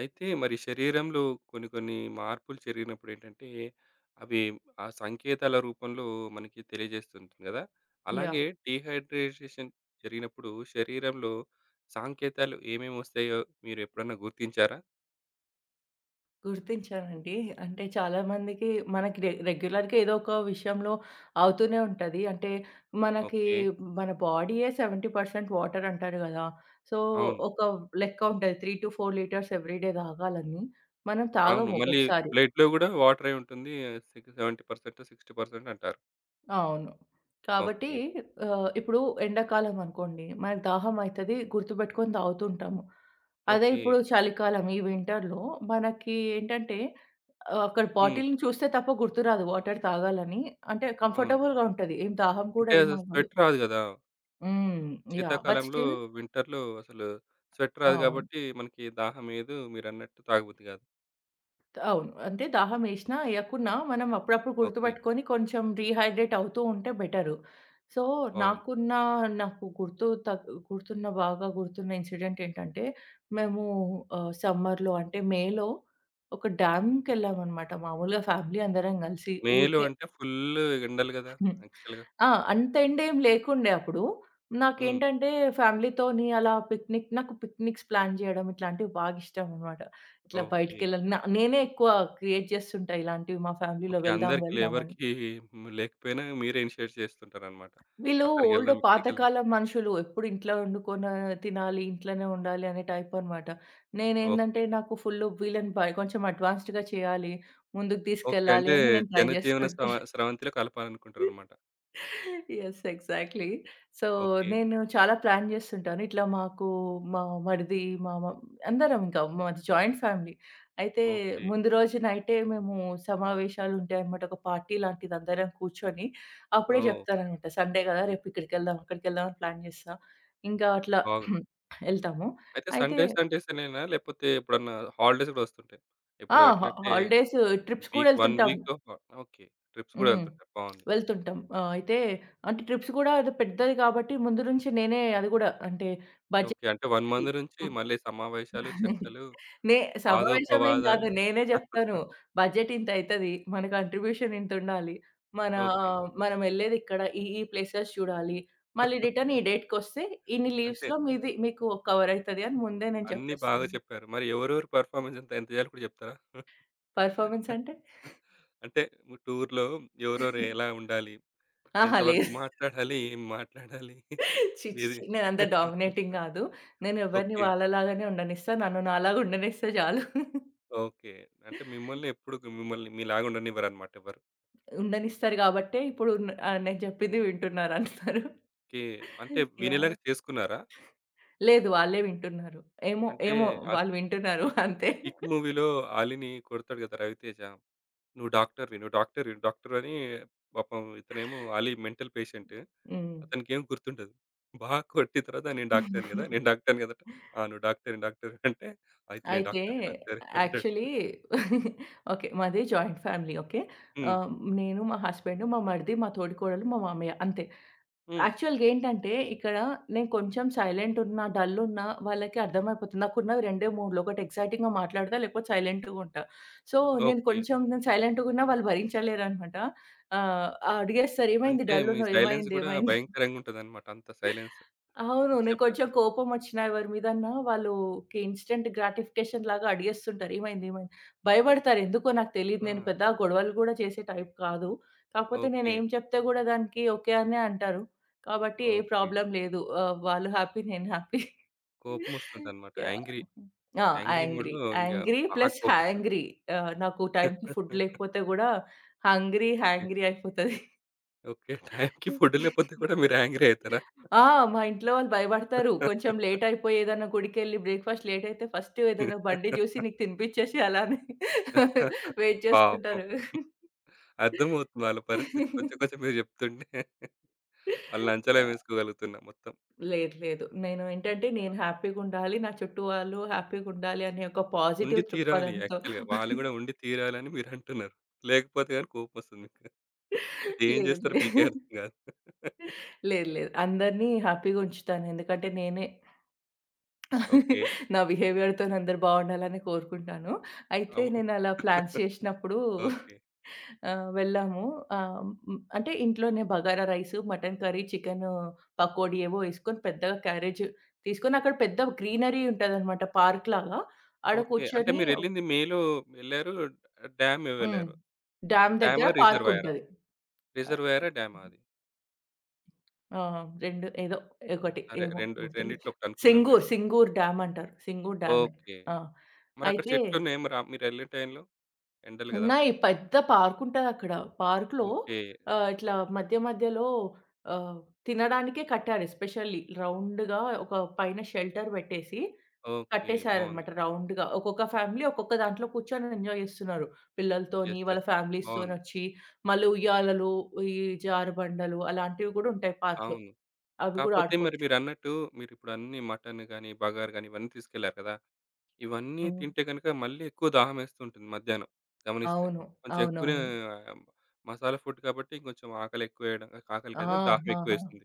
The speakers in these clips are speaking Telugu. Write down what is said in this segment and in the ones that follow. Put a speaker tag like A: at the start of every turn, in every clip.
A: అయితే మరి శరీరంలో కొన్ని, కొన్ని మార్పులు జరిగినప్పుడేంటంటే, అవి ఆ సంకేతాల రూపంలో మనకి తెలియజేస్తూ ఉంటుంది కదా! అలాగే
B: యాహ్!
A: డీహైడ్రేటేషన్ జరిగినప్పుడు, శరీరంలో సాంకేతాలు ఏమేమోస్తాయో మీరు ఎప్పుడైనా గుర్తించారా?
B: గుర్తించానండి. అంటే చాలా మందికి మనకి రె రెగ్యులర్‌గా ఏదోక విషయంలో అవుతూనే ఉంటది. అంటే, మనకి
A: ఓకే.
B: మన బాడీయే 70% వాటర్ అంటారు కదా! సో,
A: అవును.
B: ఒక లెక్క ఉంటది. 3-4 లిటర్స్ ఎవ్రీ డే తాగాలని. మనం
A: అవును.
B: తాగము
A: మళ్ళీ
B: ఒక్కొక్కసారి.
A: బ్లడ్‌లో గూడా వాటరే ఉంటుంది. సిగు 70%, 60% అంటారు.
B: అవును. కాబట్టి,
A: ఓకే.
B: ఆహ్, ఇప్పుడు ఎండాకాలం అనుకోండి, మనకి దాహం అయితది గుర్తుపెట్టుకొని తాగుతుంటాము. అదే
A: ఓకే.
B: ఇప్పుడు చలికాలం ఈ వింటర్‌లో మనకి ఏంటంటే ఆహ్, అక్కడ
A: హ్మ్.
B: బాటిల్‌ని చూస్తే తప్ప గుర్తురాదు వాటర్ తాగాలని అంటే,
A: అవును.
B: కంఫర్టబుల్‌గా ఉంటది ఏం దాహం కూడా
A: అంటే
B: ఏం అవ్వదు.
A: స్వెట్ రాదు కదా!
B: హ్మ్. యాహ్! బట్
A: శీతాకాలంలో
B: స్టిల్
A: వింటర్‌లో అసలు స్వెట్ రాదు
B: అవును.
A: గాబట్టి, మనకి దాహం ఎయదు. మీరన్నట్టు తాగబుద్ది కాదు.
B: అవును. అంటే దాహం ఏసినా, ఏయకున్నా మనం అప్పుడప్పుడు
A: ఓకే.
B: గుర్తుపెట్టుకొని, కొంచెం డీహైడ్రేట్ అవుతూ ఉంటే బెటరు. సో,
A: బాగుంది.
B: నాకున్న నాకు గుర్తు తక్ గుర్తున్న బాగా గుర్తున్న ఇన్సిడెంట్ ఏంటంటే, మేము ఆహ్, సమ్మర్‌లో అంటే మే‌లో ఒక డ్యామ్‌కెళ్ళామనమాట. మాములుగా ఫ్యామిలీ అందరం కలిసి
A: మేలో
B: ఊరికే
A: అంటే ఫుల్లు ఎండలు గదా!
B: హ్మ్.
A: యాక్చువల్‌గా.
B: ఆ! అంత ఎండేమి లేకుండే అప్పుడు.
A: హ్మ్.
B: నాకేంటంటే, ఫ్యామిలీ‌తోని అలా పిక్నిక్ నాకు పిక్నిక్స్ ప్లాన్ చేయడం ఇట్లాంటివి, బాగా ఇష్టం అనమాట. ఇట్లా
A: ఓకే.
B: బయటికెళ్ళ న నేనే ఎక్కువ క్రియేట్ చేస్తుంటా ఇలాంటివి, మా ఫ్యామిలీ‌లో
A: ఓకే.
B: "వెళ్దాం,
A: అందరికి
B: వెళ్దాం" అని.
A: లేవరికీ హ్మ్. లేకపోయినా మీరే ఇనిషియేట్ చేస్తుంటారన్నమాట.
B: వీళ్ళు
A: అక్కడికి
B: ఓల్డు
A: ఎళ్దాం, ఇక్కడికి ఎళ్దాం.
B: పాతకాలం మనుషులు, ఎప్పుడు ఇంట్లో ఒండుకొని తినాలి, ఇంట్లోనే ఉండాలి అనే టైపనమాట.
A: ఓకే.
B: నేనేందంటే, నాకు ఫుల్లు వీళ్ళని బయ కొంచెం అడ్వాన్స్డ్‌గా చేయాలి, ముందుకు
A: ఓకే.
B: తీసుకెళ్లాలి
A: అంటే
B: అని నేను ట్రై
A: జనజీవన
B: చేస్తుంటా.
A: స్రవ స్రవంతిలో కలపాలి అనుకుంటారనమాట.
B: యెస్. ఎగ్జాక్ట్‌లీ. So,
A: okay.
B: నేను చాలా ప్లాన్ చేస్తుంటాను. ఇట్లా మాకు మా మరిది మ మ అందరం ఇంకా మాది జాయింట్ ఫ్యామిలీ. అయితే,
A: ఓకే.
B: ముందు రోజు నైటే మేము సమావేశాలుంటాయనమాట. ఒక పార్టీ లాంటిది. అందరం కూర్చొని, అప్పుడే
A: ఓహ్!
B: జెప్తారనమాట సండే కదా! "రేపిక్కడికెళ్దాం, అక్కడికెళ్దాం" అని ప్లాన్ చేస్తా. ఇంకా అట్లా
A: బాగుంది.
B: వెళ్తాము.
A: అయితే
B: అయితే
A: సండే సండేస్ అనేనా లేపోతే ఎప్పుడన్నా హాలిడేస్ గూడా ఒస్తుంటాయ?
B: ఆ!
A: ఇప్పుడు ఎట్లా
B: హా
A: అంటే,
B: హాలిడేసు ట్రిప్స్ కూడా
A: వీక్ వన్
B: ఎళ్తుంటాం.
A: వీకొక ఓకే. ట్రిప్స్ గూడా
B: హ్మ్.
A: వెళ్తుంటారు. బావుంది.
B: వెళ్తుంటాం. ఆహ్, అయితే అంటే, ట్రిప్స్ గూడా పెద్దది కాబట్టి, ముందు నుంచి నేనే అది కూడా అంటే బడ్జెట్
A: ఓకే. అంటే వన్
B: చూసుకొని
A: మంత్ నుంచి
B: హ్మ్.
A: మళ్ళీ
B: హ్మ్.
A: సమావేశాలు, చర్చలు,
B: నే సమావేశం ఏమి కాదు.
A: వాదోపవాదాలు.
B: నేనే జెప్తాను. "బడ్జెట్ ఇంత అయితది. మన కాంట్రిబ్యూషన్ ఇంతుండాలి. మనా
A: ఓకే.
B: మనం ఎళ్ళేది ఇక్కడ, ఈ, ఈ ప్లేసెస్ చూడాలి, మళ్ళీ రిటర్న్ ఈ డేట్‌కొస్తే ఇన్ని
A: అంటే?
B: లీవ్స్‌లో మీది మీకు కవరయితది" అని ముందే నేను
A: అన్ని బాగా
B: చెప్పేస్తాను.
A: చెప్పారు. మరి ఎవరెవరు పెర్ఫార్మన్సు ఎంత చేయాలో కూడా జెప్తారా?
B: పెర్ఫార్మన్స్ అంటే?
A: అంటే టూర్‌లో ఎవరెవరు ఎలా ఉండాలి?
B: అహా! లే
A: ఎంతవరకు మాట్లాడాలి, ఏం మాట్లాడాలి?
B: ఛీ, ఛీ,
A: ఇది
B: ఛీ. నేనంత డామినేటింగ్ కాదు. నేనెవరిని
A: ఓకే.
B: వాళ్ళలాగానే ఉండనిస్తా. నన్ను నాలాగా ఉండనిస్తే చాలు.
A: ఓకే. అంటే మిమ్మల్ని ఎప్పుడొక మిమ్మల్ని మీలాగా ఉండనివ్వరనమాట ఎవరు.
B: ఉండనిస్తారు గాబట్టే ఇప్పుడు న ఆహ్, నేను చెప్పింది వింటున్నారు అందరూ.
A: ఓకే. అంటే వినేలాగా
B: యాహ్!
A: చేసుకున్నారా?
B: లేదు. వాళ్ళే వింటున్నారు. ఏమో,
A: అంటే
B: ఏమో.
A: ఆ
B: వాళ్ళు వింటున్నారు
A: 'కిక్'
B: అంతే.
A: 'కిక్' మూవీలో 'ఆలీని' కొడతాడు గదా! 'రవితేజ'. "నువ్వు డాక్టరువి, నువ్వు డాక్టరు," డాక్టరు అని పాపం ఇతనేమో మెంటల్ పేషెంట్
B: హ్మ్.
A: అతనికేమీ గుర్తుండదు. బా కొట్టిన తర్వాత, "నేను డాక్టరుని గదా! నేను డాక్టరుని గదా!" అంటే, "ఆ నువ్వు డాక్టరు, డాక్టరు" అంటే, "అయితే నేను
B: అయితే
A: డాక్టరే, డాక్టరే" అంటాడు.
B: Actually okay. మాది జాయింట్ ఫ్యామిలీ ఓకే.
A: హ్మ్.
B: ఆహ్, నేను మా హస్బాండు మా మరిది, మా తోడికోడలు, మా మామయ్య అంతే.
A: హ్మ్.
B: యాక్చువల్‌గా ఏంటంటే ఇక్కడ నేను కొంచెం సైలెంటున్నా, డల్లున్న వాళ్లకి అర్థం అయిపోతుంది. నాకు ఉన్నవి రెండే మూడ్లు, ఒకటి ఎక్సైటింగ్‌గా మాట్లాడతా, లేకపోతే సైలెంట్‌గా ఉంటా. సో, నేను
A: ఓకే.
B: కొంచెం సైలెంట్‌గున్న వాళ్లు భరించలేరన్నమాట. ఆహ్, అడిగేస్తారు, "ఏమైంది?
A: అంటే, మీ
B: డల్లున్నవు.
A: సైలెన్స్
B: ఏమైంది?
A: గూడా
B: ఏమైంది?"
A: భయంకరంగుంటాదన్నమాట. అంత సైలెన్స్.
B: అవును. నేను
A: నిశ్శబ్దం.
B: కొంచెం కోపమోచ్చినా ఎవరి మీదన్నా వాళ్లు ఒక ఇన్‌స్టంట్ గ్రాటిఫికేషన్ లాగా అడిగేస్తుంటారు, "ఏమైంది? ఏమైంది?" భయపడతారు. ఎందుకో నాకు తెలియదు. నేను
A: ఆ!
B: పెద్దగా గొడవలు కూడా చేసే టైప్ కాదు. కాకపోతే
A: ఓకే.
B: నేనేమి చెప్పినా కూడా దానికి ఓకే అనే అంటారు. కాబట్టి ఏ
A: ఓకే.
B: ప్రాబ్లమ్ లేదు, ఆహ్, వాళ్లు హ్యాపీ నేను హ్యాపీ.
A: కోపం వస్తుందన్నమాట. Angry,
B: yeah!
A: యాంగ్రీ మూడ్‌లో ఇంగ
B: యాంగ్రీ
A: బా
B: ప్లస్
A: కోపం వస్తుంది.
B: హ్యాంగ్రీ ఆహ్, నాకు టైంకి ఫుడ్ లేకపోతే కూడా హంగ్రీ
A: ఓకే.
B: హాన్గ్రీ అయిపోతది.
A: ఓకే, టైంకి ఫుడ్ లేకపోతే మీరు యాంగ్రీ అయితారా?
B: ఆ! మా ఇంట్లో వాళ్లు భయపడతారు. కొంచెం లేటయిపోయి ఏదన్నా గుడికెళ్లి బ్రేక్ఫాస్ట్ లేటయితే ఫస్ట్ ఏదైనా బండి చూసి నీకు తినిపిచ్చేసి అలానే వెయిట్
A: పాపం.
B: చేస్తుంటారు.
A: అర్థం అవుతుంది వాళ్ళ పరిస్థితి కొంచెం కొంచెం మీరు చెప్తుంటే. వాళ్ళని అంచనా
B: యాహ్!
A: వేసుకోగలుగుతున్నా మొత్తం.
B: లేదు. లేదు. నేను ఏంటంటే నేను హ్యాపీగుండాలి, నా చుట్టూ వాళ్లు హ్యాపీగుండాలి అనే ఒక
A: ఉండి
B: పాజిటివ్
A: తీరాలి
B: దృక్పథంతో
A: యాక్చువల్‌గా వాళ్ళు కూడా ఉండి తీరాలని మీరు అంటున్నారు. లేకపోతే గానీ, కోపం వస్తుంది ఏం
B: లేదు,
A: చేస్తారో మీకే
B: లేదు.
A: అర్థం కాదు.
B: లేదు. లేదు. అందరిని హ్యాపీగా ఉంచుతాను. ఎందుకంటే నేనే
A: ఓకే.
B: నా బిహేవియర్‌తోని అందరూ బాగుండాలి అని కోరుకుంటాను. అయితే
A: అవును.
B: నేనలా ప్లాన్స్ చేసినప్పుడు
A: ఓకే.
B: ఆహ్, వెళ్లాము ఆహ్, అంటే ఇంట్లోనే bagara rice, mutton curry, chicken pakodi ఏవో వేసుకొని పెద్దగా క్యారేజ్ తీసుకొని అక్కడ పెద్ద గ్రీనరీ ఉంటదన్నమాట. పార్క్ లాగా. ఆడ
A: ఓకే. అంటే,
B: కూర్చొని ఒ
A: మీరెళ్ళింది మేలో వెళ్లారు. డ్యామే
B: హ్మ్.
A: వెళ్ళారు.
B: డ్యామ్ దగ్గర
A: డ్యామా? రిజర్వాయరా?
B: పార్కుంటది. ఆ!
A: రిజర్వాయరా, డ్యామా
B: హ్మ్. ఆ!
A: అది?
B: ఆ! 2 ఏదో 1
A: సరే.
B: ఏమో
A: రెండు
B: గుర్తులేదు
A: రెండిట్లో
B: సింగూర్.
A: ఒకటనుకుందాంలెండి.
B: సింగూర్ డ్యామంటారు సింగూర్ డ్యామే.
A: ఓకే.
B: ఆ
A: మరక్కడ
B: అయితే
A: చెట్లు ఉన్నాయా? మరి ఆహ్, మీరు వెళ్ళే టైంలో? ఎండలు గదా!
B: ఉన్నాయి పెద్ద పార్కుంటది అక్కడ. పార్క్‌లో
A: ఓకే.
B: ఆహ్, ఇట్లా మధ్య మధ్యలో ఆహ్, తినడానికే కట్టారు ఎస్పెషల్లీ రౌండ్‌గా ఒక పైన షెల్టర్ పెట్టేసి
A: ఓకే.
B: కట్టేసారు
A: బావుంది.
B: అన్నమాట. రౌండ్‌గా ఒక్కొక్క ఫ్యామిలీ ఒక్కొక్క దాంట్లో కూర్చొని ఎంజాయ్ చేస్తున్నారు. పిల్లలతోని
A: యెస్.
B: వాళ్ళ
A: యెస్.
B: ఫ్యామిలీస్‌తోని
A: బావుంది.
B: వచ్చి మళ్ళీ ఉయ్యాలలు ఈ జారుబండలు అలాంటివి గూడా ఉంటాయి పార్క్‌లో.
A: అవును.
B: అవి గూడా
A: కాకపోతే మరి
B: ఆడుకోవచ్చు.
A: మీరన్నట్టు. మీరు ఇప్పుడు అన్నీ మటన్ గాని, బగారు గాని ఇవన్నీ తీసుకెళ్లారు గదా! ఇవన్నీ
B: హ్మ్.
A: తింటే గనుక మళ్ళీ ఎక్కువ దాహం వేస్తూ ఉంటుంది. మధ్యాహ్నం గమనిస్తే.
B: అవును.
A: కొంచెం ఎక్కువనే
B: అవునవును.
A: మసాలా ఫుడ్ కాబట్టి కొంచెం ఆకలెక్కువ వేయడం ఆకలి
B: ఆ!
A: కాదు గాని దాహం ఎక్కువ
B: ఆహా!
A: వేస్తుంది.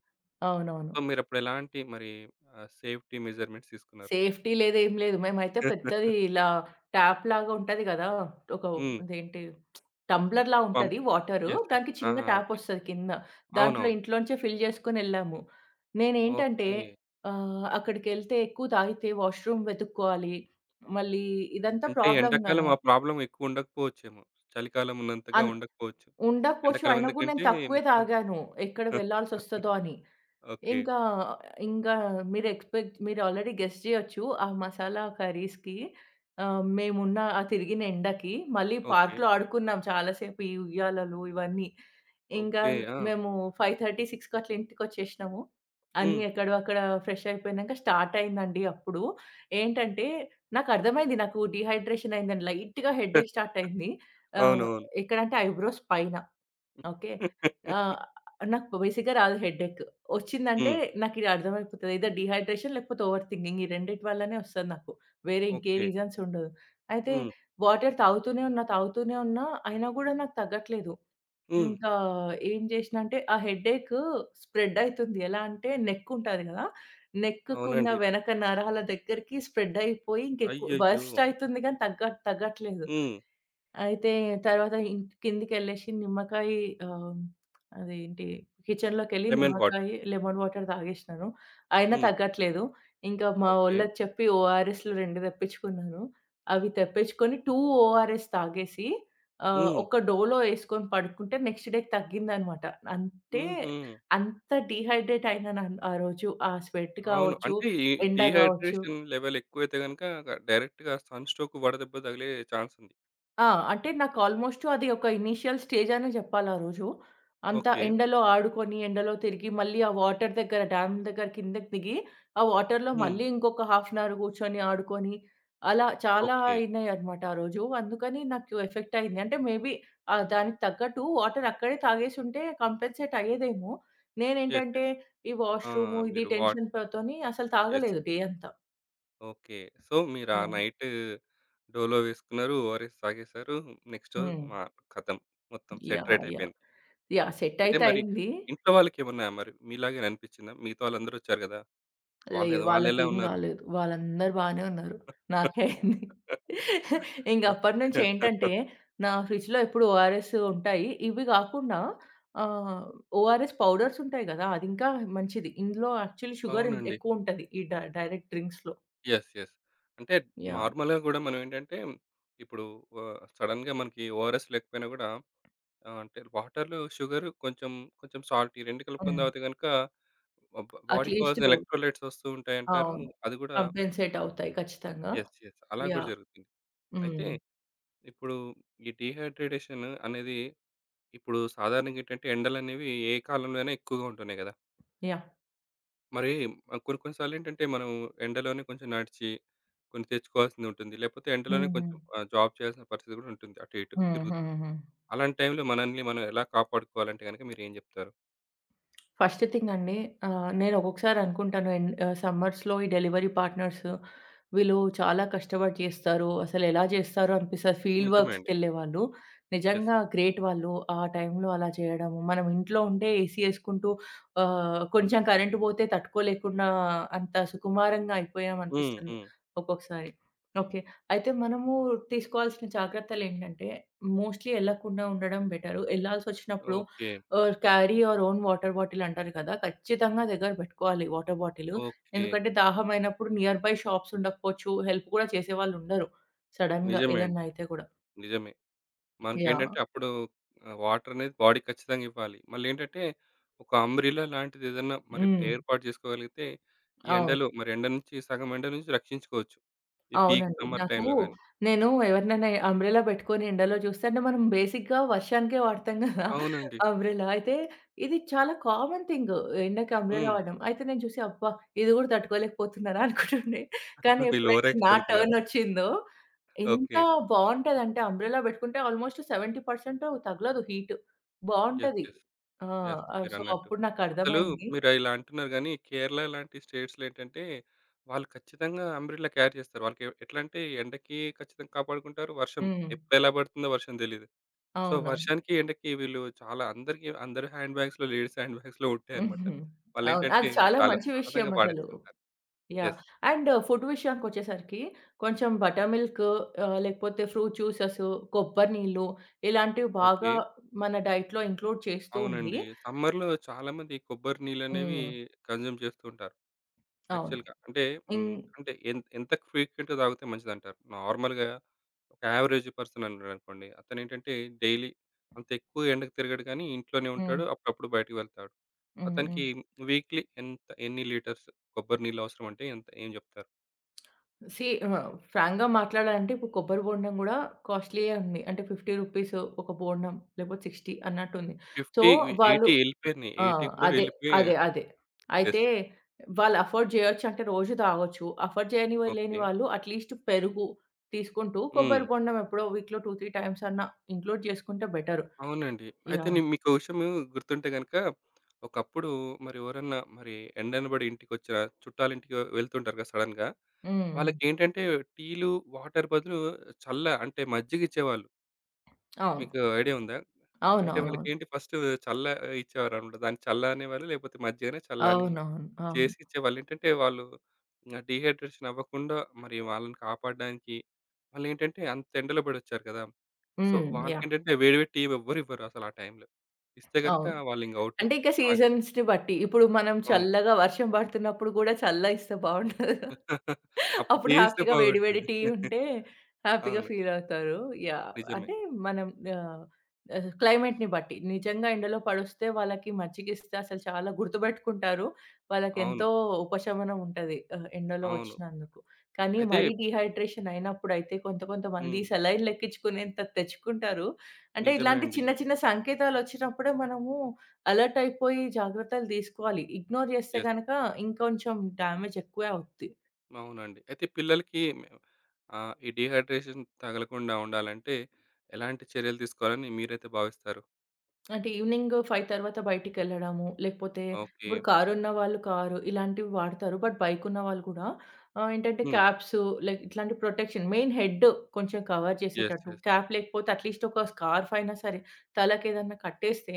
A: సో
B: అవునవును.
A: మీరు అప్పుడు ఎలాంటి మరి ఆహ్, సేఫ్టీ మెజర్మెంట్స్ తీసుకున్నారు?
B: సేఫ్టీ లేదు. ఏమి లేదు. మేమైతే పెద్దది ఇలా ట్యాప్‌లాగా ఉంటది గదా. ఒక
A: హ్మ్.
B: అదేంటి టంబ్లర్‌లా
A: పంప్.
B: ఉంటది. Water
A: yes. యెస్
B: దానికి చిన్న
A: ఆహా! ఓకే.
B: ట్యాపొస్తది కింద. దాంట్లో
A: అవునవును.
B: ఇంట్లో నుంచే ఫిల్ చేసుకొని వెళ్ళాము. నేను ఏంటంటే.
A: ఓకే.
B: ఆహ్. అక్కడికి వెళ్తే ఎక్కువ తాగితే వాష్‌రూమ్ వెతుక్కోవాలి. మళ్ళీ ఇదంతా
A: అంటే
B: ప్రాబ్లమ్
A: ఎండాకాలం
B: గదా!
A: ఆ ప్రాబ్లమ్ ఎక్కువ ఉండకపోవచ్చేమో. చలికాలం ఉన్నంతగా
B: అన్
A: ఉండకపోవచ్చు.
B: ఉండకపోవచ్చు.
A: ఎండాకాలం
B: అయినా గూడా
A: ఎందుకంటే
B: నేను తక్కువే
A: మొత్తం.
B: తాగాను. ఎక్కడ వెళ్లాల్సొస్తదో అని.
A: ఓకే.
B: ఇంకా ఇంకా మీరు ఎక్స్పెక్ట్ మీరు ఆల్రెడీ గెస్ చేయొచ్చు. ఆ మసాలా కర్రీస్‌కి. ఆహ్, మేమున్న ఆ తిరిగిన ఎండకి. మళ్ళీ
A: ఓకే.
B: పార్క్‌లో ఆడుకున్నాం చాలా సేపు. ఈ ఉయ్యాలలు ఇవన్నీ. ఇంకా
A: ఓకే. ఆ!
B: మేము 5:30,6కి అట్లా ఇంటికి వచ్చేసినాము. అన్నీ
A: హ్మ్.
B: ఎక్కడో అక్కడ ఫ్రెష్ అయిపోయినాంక స్టార్టయిందండి. అప్పుడు ఏంటంటే నాకర్థమైంది. నాకు డీహైడ్రేషన్ అయిందని. లైట్‌గా. హెడ్డేక్ స్టార్ట్ అయింది. ఆహ్,
A: అవునవును.
B: ఎక్కడ అంటే ఐబ్రోస్ పైన. ఓకే. ఆ! నాకు బేసిక్‌గా రాదు. హెడ్డెక్ వచ్చిందంటే
A: హ్మ్.
B: నాకు ఇదర్థమైపోతది ఐదర్ డీహైడ్రేషన్ లేకపోతే ఓవర్ థింకింగ్ ఈ రెండిటి వల్లనే వస్తుంది నాకు. వేరే ఇంకే
A: ఓకే.
B: రీజన్స్ ఉండవు. అయితే
A: హ్మ్.
B: వాటర్ తాగుతూనే ఉన్నా. తాగుతూనే ఉన్న. అయినా గూడా నాకు తగ్గట్లేదు.
A: హ్మ్.
B: ఇంకా ఏం చేశ్నా అంటే ఆ హెడ్డేక్ స్ప్రెడ్ అయితుంది. ఎలా అంటే నెక్ ఉంటది గదా! నెక్‌కి ఉన్న
A: అవునండి.
B: వెనక నరాల దగ్గరికి స్ప్రెడ్ అయిపోయి. ఇంకా ఎక్కువ
A: అయ్యయ్యో!
B: వర్స్ట్ అవుతుంది కానీ తగ్గ తగ్గట్లేదు.
A: హ్మ్.
B: అయితే తర్వాత కిందకి వెళ్ళేసి నిమ్మకాయ ఆహ్, అదెంటి. కిచెన్‌లోకి వెళ్లి
A: లెమన్ వాటర్.
B: నిమ్మకాయ లెమన్ వాటర్ తాగేశ్నాను. అయినా
A: హ్మ్.
B: తగ్గట్లేదు. ఇంకా మా
A: ఓకే.
B: వోళ్ళకి చెప్పి ఓఆర్ఎస్‌లు 2 తెప్పిచ్చుకున్నాను. అవి తెప్పిచ్చుకొని 2 ఓఆర్ఎస్ తాగేసి. ఆహ్,
A: హ్మ్.
B: ఒక డోలో వేసుకొని పడుకుంటే నెక్స్ట్ డేకి తగ్గిందన్నమాట. అంటే
A: హుహు.
B: అంత డీహైడ్రేట్ అయినాను. ఆరోజు ఆ స్వెట్
A: అవును.
B: కావచ్చు.
A: అంటే ఈ
B: ఎండ గావచ్చు.
A: డీహైడ్రేషన్ లెవెల్ ఎక్కువైతే గనుక డైరెక్ట్‌గా సన్ స్ట్రోక్ వడదెబ్బ తగిలే చాన్స్ ఉంది.
B: ఆ! అంటే నాకు ఆల్‌మోస్టు అది ఒక ఇనీషియల్ స్టేజనే జేప్పాలా రోజు. అంత
A: ఓకే.
B: ఎండలో ఆడుకొని, ఎండలో తిరిగి, మళ్ళీ ఆ వాటర్ దెగ్గర, డ్యామ్ దెగ్గర, కిందకి దిగి, ఆ వాటర్‌లో
A: హ్మ్.
B: మళ్ళీ ఇంకొక హాఫ్ అన్ అవర్ కూర్చొని, ఆడుకొని అలా చాలా
A: ఓకే.
B: అయినయి అనమాట ఆ రోజు. అందుకని నాకు ఎఫెక్టయ్యింది. అంటే మేబీ ఆ దానికి తగ్గట్టు వాటర్ అక్కడే తాగేసుంటే, కాంపెన్సేట్ అయ్యేదేమో.
A: యెస్.
B: నేనేంటంటే,
A: యెస్.
B: ఈ
A: అ!
B: వాష్‌రూము ఇది
A: మీరు వాట్
B: టెన్షన్ ప తోని అసలు
A: యెస్.
B: తాగలేదు డే అంతా.
A: ఓకే. సో, మీరా
B: యాహ్!
A: నైట్ డోలో వేసుకున్నారు, ఒ‌ఆర్‌ఎస్ తాగేసారు, నెక్స్ట్ రోజు
B: హ్మ్.
A: మా ఖతం మొత్తం
B: యాహ్!
A: Set right
B: yeah!
A: అయిపోయింది.
B: యాహ్! సెట్
A: అయితే
B: అయితే
A: మరి
B: అయ్యింది.
A: ఇంట్లో వాళ్ళకేమన్నా మరి మీలాగానే అనిపించిందా? మిగతా వాళ్ళందరొచ్చారు గదా?
B: లేదు.
A: వాళ్ళెదొ వాళ్ళెలా
B: వాళ్ళకేం
A: ఉన్నారు?
B: గాలేదు. వాళ్ళందరు బానే ఉన్నారు. నాకే అయ్యింది. ఇంగప్పటినుంచి ఏంటంటే, నా ఫ్రిడ్జ్‌లో ఎప్పుడు ఒ‌ఆర్‌ఎస్సు ఉంటాయి. ఇవ్వి గాకుండా ఆహ్, ఒ‌ఆర్‌ఎస్ పౌడర్సుంటాయి గదా! అదింకా మంచిది. ఇందులో యాక్చువల్లీ షుగరిన్
A: అవునండి.
B: ఎక్కువుంటది, ఈ డై డైరెక్ట్ డ్రింక్స్‌లో.
A: యెస్. యెస్. అంటే
B: యాహ్!
A: నార్మల్‌గా గూడా మనం ఏంటంటే, ఇప్పుడూ ఆహ్, సడెన్‌గా మనకి ఒ‌ఆర్‌ఎస్ లేకపోయినా గూడా, ఆహ్, అంటే వాటర్‌లో షుగర్ కొంచెం, కొంచెం సాల్ట్ ఈ 2 కలుపుకొని
B: హ్మ్.
A: తాగితే గనక, బ బ బాడీ కాజ్
B: అట్లీస్టు
A: ఎలక్ట్రోలైట్స్ ఒస్తూ ఉంటాయంటారు.
B: అవును.
A: అది గూడా
B: కాంపెన్సేట్ అవుతాయి ఖచ్చితంగా.
A: యెస్. యెస్. అలా గూడా
B: యాహ్!
A: జరుగుతుంది. అయితే
B: హ్మ్.
A: ఇప్పుడు ఈ డీహైడ్రేడేషన్ అనేది ఇప్పుడు సాధారణంగేంటంటే, ఎండలనేవి ఏ కాలంలో అయినా ఎక్కువగా ఉంటున్నాయి గదా!
B: యాహ్!
A: మరి ఆహ్, కొన్ని కొన్ని సార్లేంటంటే, మనం ఎండలోనే కొంచెం నడిచి, కొంచెం తెచ్చుకోవాల్సింది ఉంటుంది. లేకపోతే ఎండలోనే కొంచెం
B: హుహు.
A: ఆహ్, జాబ్ చేయాల్సిన పరిస్థితి కూడా ఉంటుంది. అటు ఇటు
B: హ్మ్,
A: తిరుగుతూ.
B: హ్మ్, హ్మ్.
A: అలాంటి టైమ్‌లో మనల్ని మనం ఎలా కాపాడుకోవాలంటే గనుక మీరు ఏం చెప్తారు?
B: ఫస్ట్ థింగ్ అండి. ఆహ్, నేనొక్కొక్కసారి అనుకుంటాను ఎన్ ఆహ్, సమ్మర్స్‌లో ఈ డెలివరీ పార్ట్నర్స్ వీళ్ళు చాలా కష్టపడి చేస్తారు. అసలెలా చేస్తారో అనిపిస్తుంది. ఫీల్డ్
A: నిజమే
B: వర్క్స్‌కి
A: అండి.
B: వెళ్లేవాళ్ళు.
A: యెస్.
B: నిజంగా గ్రేట్ వాళ్ళు. ఆ టైంలో అలా చేయడము, మనం ఇంట్లో ఉంటే ఏసీ వేసుకుంటూ, ఆహ్, కొంచెం కరెంట్ పోతే తట్టుకోలేకుండా అంత సుకుమారంగా అయిపోయాం
A: హ్మ్,
B: అనిపిస్తుంది
A: హ్మ్.
B: ఒక్కొక్కసారి. ఓకే, అయితే మనము తీసుకోవాల్సిన జాగ్రత్తలు ఏంటంటే, మోస్ట్‌లీ వెళ్లకుండా ఉండడం బెటరు, వెళ్లాల్సొచ్చినప్పుడు
A: ఓకే.
B: ఆహ్, carry your own water bottle అంటారు కదా! ఖచ్చితంగా దగ్గర పెట్టుకోవాలి, వాటర్ బాటిలు,
A: ఓకే.
B: ఎందుకంటే, దాహమైనప్పుడు నియర్‌బై షాప్స్ ఉండకపోవచ్చు, హెల్ప్ కూడా చేసేవాళ్ళు ఉండరు. సడెన్‌గా
A: నిజమే
B: ఏదైనా
A: అండి.
B: అయితే కూడా.
A: నిజమే.
B: యాహ్!
A: మనకేంటంటే, అప్పుడు ఆహ్, వాటర్ అనేది బాడీకి ఖచ్చితంగా ఇవ్వాలి. మళ్ళేంటంటే, ఒక అంబ్రెలా లాంటిది ఏదైనా మరి
B: హ్మ్.
A: ఏర్పాటు చేసుకోగలిగితే ఈ
B: అవును.
A: ఎండలో, మరి ఎండ నుంచి సగం ఎండ నుంచి రక్షించుకోవచ్చు. ఈ పీక్
B: అవునండి.
A: సమ్మర్
B: నాకు
A: టైమ్‌లో గానీ.
B: నేను ఎవరినైనా అంబ్రెల్లా పెట్టుకొని, ఎండలో చూస్తే, అంటే మనం బేసిక్‌గా వర్షానికే వాడతాం కదా!
A: అవునండి.
B: అంబ్రెల్లా. అయితే ఇది చాలా కామన్ థింగ్ ఎండకి అంబ్రెల్లా
A: హ్మ్.
B: వాడడం. అయితే నేను చూసి, అబ్బా! ఇది కూడా తట్టుకోలేకపోతున్నారా అనుకుంటుండే. కానీ,
A: వీళ్ల
B: ఎప్పుడైతే
A: ఓవరాక్షన్
B: నా
A: అనుకున్నారా?
B: టర్న్ వచ్చిందో, ఎంత
A: ఓకే.
B: బాగుంటదంటే అంబ్రెల్లా పెట్టుకుంటే, ఆల్మోస్ట్ 70% తగలదు. హీట్.
A: యెస్,
B: బావుంటది.
A: యెస్,
B: ఆ!
A: యెస్.
B: ఆహ్, సో,
A: మీరన్నట్టు.
B: అప్పుడు
A: అసలు
B: నాకర్థమైంది.
A: మీరు ఇలా అంటున్నారు గానీ, కేరళ లాంటి స్టేట్స్‌లో ఏంటంటే, వాళ్లు ఖచ్చితంగా అంబ్రెలా క్యారీ చేస్తారు. వాళ్లకెవ్ ఎట్లా అంటే ఎండకి ఖచ్చితంగా కాపాడుకుంటారు. వర్షం,
B: హ్మ్.
A: ఎప్పుడెలా పడుతుందో వర్షం తెలీదు. సో
B: అవునవును.
A: వర్షానికి, ఎండకి వీళ్లు చాలా అందరకి అందరి హ్యాండ్ బ్యాగ్స్‌లో, లేడీస్ హ్యాండ్ బ్యాగ్స్‌లో ఉంటాయన్నమాట.
B: అవును. అది
A: వాళ్ళేంటంటే,
B: చాలా
A: చాలా
B: మంచి విషయం
A: సరదాగా
B: అసలు.
A: వాడేస్తుంటారు.
B: యాహ్!
A: యెస్.
B: అండ్ ఫుడ్ విషయానికొచ్చేసరికి కొంచెం బటర్‌మిల్క్ ఆహ్, లేకపోతే ఫ్రూట్ జ్యూసెసు, కొబ్బరి నీళ్ళు ఇలాంటివి బాగా
A: ఓకే.
B: మన డైట్‌లో ఇంక్లూడ్ చేస్తూ ఉండి
A: అవునండి. సమ్మర్‌లో చాలామంది కొబ్బరి నీళ్లనేవి
B: హ్మ్.
A: కన్‌జ్యుమ్ చేస్తూ ఉంటారు
B: అవును.
A: యాక్చువల్‌గా. అంటే
B: ఇన్
A: హ్మ్, అంటే ఎం ఎంత ఫ్రీక్వెంట్‌గా తాగితే మంచిదంటారు? నార్మల్‌గా, ఒక అవరేజ్ పర్సన్ ఉన్నాడనుకోండి, అతనేంటంటే, డైలీ అంత ఎక్కువ ఎండకు తిరగడు కానీ, ఇంట్లోనే
B: హ్మ్.
A: ఉంటాడు. అప్పుడప్పుడు బయటికి వెళ్తాడు.
B: హ్మ్ హ్మ్.
A: అతనికి వీక్‌లీ ఎంత ఎన్ని లీటర్స్ కొబ్బరి నీళ్లు అవసరం అంటే ఎంత ఏం చెప్తారు?
B: సీ, ఆహ్, ఫ్రాంక్‌గా మాట్లాడాలంటే, కొబ్బరి బొండం కూడా కాస్ట్లీయే ఉంది. అంటే 50 రూపీస్ ఒక బొండం, లేకపోతే 60 అన్నట్టు ఉంది. సో,
A: 50, వి
B: వాళ్ళు
A: 80 వెళ్ళిపోయింది.
B: ఆ!
A: 80 కూడా
B: అదే.
A: వెళ్ళిపోయి
B: అదే, అదే.
A: యెస్.
B: అయితే వాళ్ళు అఫోర్డ్ చేయొచ్చు అంటే రోజు తాగొచ్చు. అఫోర్డ్ చేయని వ లేని
A: ఓకే.
B: వాళ్ళు అట్లీస్ట్ పెరుగు తీసుకుంటూ,
A: హ్మ్.
B: కొబ్బరి బొండం ఎప్పుడో వీక్‌లో 2, 3 టైమ్స్ అన్నా ఇంక్లూడ్ చేసుకుంటే బెటర్.
A: అవునండి. అయితే
B: యాహ్!
A: నేను మీకు ఒక విషయము గుర్తుంటే గనుక, ఒకప్పుడు మరి ఎవరన్నా, మరి ఎండనబడి ఇంటికొచ్చిన, చుట్టాలింటికి వెళ్తుంటారు కదా! సడెన్‌గా.
B: హుహు.
A: వాళ్లకేంటంటే టీలు, వాటర్ బదులు చల్ల అంటే మజ్జిగ ఇచ్చేవాళ్లు.
B: అవును.
A: మీకు ఐడియా ఉందా? అంటే
B: అవునవునవును.
A: వాళ్ళకేంటి ఫస్టు చల్ల ఇచ్చేవారనమాట. దాన్ని చల్ల అనే వాళ్ళు లేకపోతే మజ్జిగనే చల్లని
B: అవునవును. అవును.
A: చేసి ఇచ్చేవాళ్ళు. ఏంటంటే వాళ్ళు ఇంకా డీహైడ్రేషన్ అవ్వకుండా మరి వాళ్ళని కాపాడడానికి వాళ్ళేంటంటే అంతెండలో పడొచ్చారు కదా! సో,
B: హ్మ్. యాహ్!
A: వాళ్ళకేంటంటే వేడి వేడి టీ వ్ ఎవ్వరు ఇవ్వరసలు ఆ టైమ్‌లో. ఇస్తే గనుక
B: అవును.
A: వాళ్ళు ఇంక ఔటు
B: అంటే ఇక
A: అలాగే
B: సీజన్స్‌ని బట్టి. ఇప్పుడు మనం
A: అవును.
B: చల్లగా వర్షం పడుతున్నప్పుడు కూడా చల్ల ఇస్తే బావుంటాదా?
A: అప్పుడు
B: అప్పుడు
A: టీ ఇస్తే
B: హ్యాపీగా వేడి వేడి
A: బాగుంటుంది.
B: టీ ఉంటే హ్యాపీ‌గా
A: అవును.
B: ఫీలవుతారు. యాహ్!
A: నిజమే.
B: అంటే మనం యాహ్! ఆహ్, క్లైమేట్‌ని బట్టి, నిజంగా ఎండలో పడొస్తే వాళ్ళకి మజ్జిగిస్తే అసలు చాలా గుర్తుపెట్టుకుంటారు. వాళ్ళకి
A: అవును.
B: ఎంతో ఉపశమనం ఉంటది. ఆహ్, ఎండలో
A: అవును.
B: వచ్చినందుకు. కానీ
A: అయితే
B: మరి డీహైడ్రేషన్ అయినప్పుడైతే కొంత కొంతమంది
A: హ్మ్.
B: సెలైనులెక్కించుకునేంత తెచ్చుకుంటారు. అంటే
A: నిజమే
B: ఇలాంటి
A: అండి.
B: చిన్న చిన్న సంకేతాలొచ్చినప్పుడే మనము అలర్ట్ అయిపోయి జాగ్రత్తలు తీసుకోవాలి. ఇగ్నోర్ చేస్తే
A: యెస్.
B: గనక ఇంకొంచెం డామేజ్ ఎక్కువే అవుద్ది.
A: అవునండి. అయితే పిల్లలకి ఆహ్, ఈ డీహైడ్రేషన్ తగలకుండా ఉండాలంటే ఎలాంటి చర్యలు తీసుకోవాలని మీరైతే భావిస్తారు?
B: అంటే ఈవినింగ్ 5 తర్వాత బయటికెళ్లడము, లేకపోతే ఇప్పుడు
A: ఓకే.
B: కారున్నవాళ్లు కారు ఇలాంటివి వాడతారు. బట్ బైక్ ఉన్నవాళ్లు కూడా ఆహ్, ఏంటంటే
A: హ్మ్.
B: క్యాప్స్, లైక్ ఇట్లాంటి ప్రొటెక్షన్. మెయిన్ హెడ్ కొంచెం కవర్
A: యెస్,
B: చేసేటట్టు
A: యెస్.
B: క్యాప్ లేకపోతే అట్లీస్ట్ ఒక స్కార్ఫ్ అయినా సరే తలకి ఏదైనా కట్టేస్తే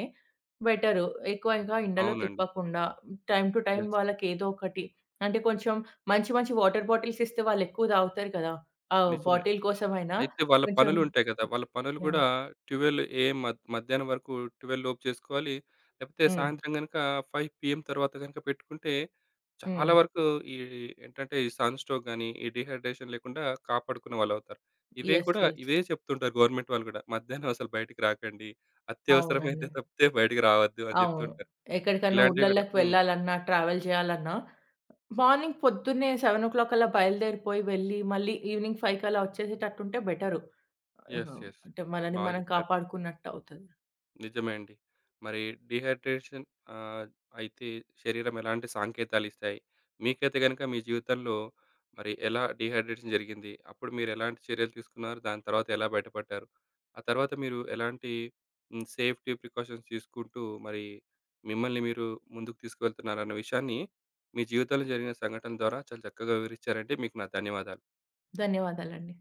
B: బెటర్. ఎక్కువగా ఎండలో
A: అవునండి.
B: తిప్పకుండా టైమ్ టు టైమ్
A: యెస్.
B: వాళ్లకేదో ఒకటి అంటే కొంచెం మంచి మంచి వాటర్ బాటిల్స్ ఇస్తే వాళ్లు ఎక్కువ తాగుతారు కదా. ఆ
A: నిజమే.
B: బాటిల్ కోసం అయినా
A: అయితే వాళ్ళ
B: కొంచెం
A: పనులు ఉంటాయి కదా. వాళ్ళ పనులు
B: యహ్!
A: కూడా 12 ఏఎం మ మధ్యాహ్నం వరకు, 12 లోపు చేసుకోవాలి. లేకపోతే
B: హ్మ్.
A: సాయంత్రం గనక 5 పీఎం తర్వాత గనక పెట్టుకుంటే చాలా
B: హ్మ్.
A: వరకు ఈ ఏంటంటే ఈ సన్ స్ట్రోక్ గానీ, ఈ డీహైడ్రేషన్ లేకుండా కాపాడుకునే వాళ్లవుతారు. ఇవే
B: యెస్,
A: కూడా
B: యెస్.
A: ఇవే చెప్తుంటారు. గవర్నమెంట్ వాళ్లు కూడా మధ్యాహ్నం అసలు బయటికి రాకండి. అత్యవసరమైతే
B: అవునండి.
A: తప్పితే బయటికి రావద్దు అని
B: అవును.
A: చెప్తుంటారు.
B: ఎక్కడికన్నా
A: ఇలాంటివి కూడా
B: ఊర్లల్లకి
A: హ్మ్.
B: వెళ్లాలన్నా, ట్రావెల్ చేయాలన్నా మార్నింగ్ పొద్దున్నే 7 కల్లా బయలుదేరిపోయి వెళ్లి, మళ్లీ ఈవినింగ్ 5 కల్లా వచ్చేసేటట్టు ఉంటే బెటరు.
A: Yes, yes.
B: అంటే మనని
A: బాగా
B: మనం
A: చెప్పారు.
B: కాపాడుకున్నట్టవుతది.
A: నిజమే అండి. మరి డీహైడ్రేషన్ ఆహ్, అయితే శరీరం ఎలాంటి సంకేతాలు ఇస్తాయి? మీకైతే గనుక మీ జీవితంలో మరి ఎలా డీహైడ్రేషన్ జరిగింది? అప్పుడు మీరెలాంటి చర్యలు తీసుకున్నారు? దాని తర్వాత ఎలా బయటపడ్డారు? ఆ తర్వాత మీరు ఎలాంటి సేఫ్టీ ప్రికాషన్స్ తీసుకుంటూ మరి మిమ్మల్ని మీరు ముందుకు తీసుకెళ్తున్నారన్న విషయాన్ని మీ జీవితంలో జరిగిన సంఘటనల ద్వారా చాలా చక్కగా వివరించారండి. మీకు నా ధన్యవాదాలు.
B: ధన్యవాదాలండీ.